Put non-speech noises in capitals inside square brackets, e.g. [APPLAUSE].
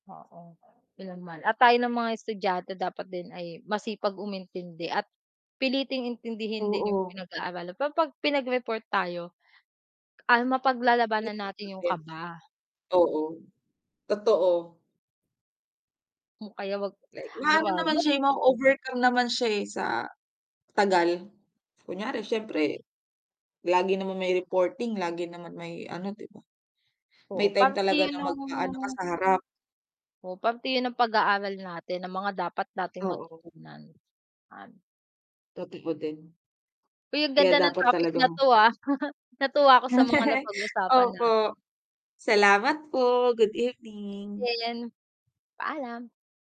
Oo, ilan man. At tayo ng mga estudyante dapat din ay masipag umintindi at piliting intindihin din 'yong Oo. pinag-aaralan. Pero 'pag pinagreport tayo, ah, mapaglalabanan natin 'yong [UNINTELLIGIBLE] kaba. Oo, totoo. Hmm, kaya 'wag Like ano ma-ano ba naman mag siya, ma-overcome naman siya, eh, sa tagal. Kunwari siyempre, lagi naman may reporting, lagi naman may ano, 'di ba? Oo, May time parte talaga 'yon na mag-aano ka no'ng sa harap. Oo, parte 'yon ng pag-aaral natin na mga dapat nating Oo. matutunan. An Totoo din. Uy, ang Kaya ganda ng dapat topic na talagang 'to, ah. [CHUCKLES] Natuwa ako sa mga [CHUCKLES] napag-usapan natin. Opo. Salamat po, good evening. Din, paalam.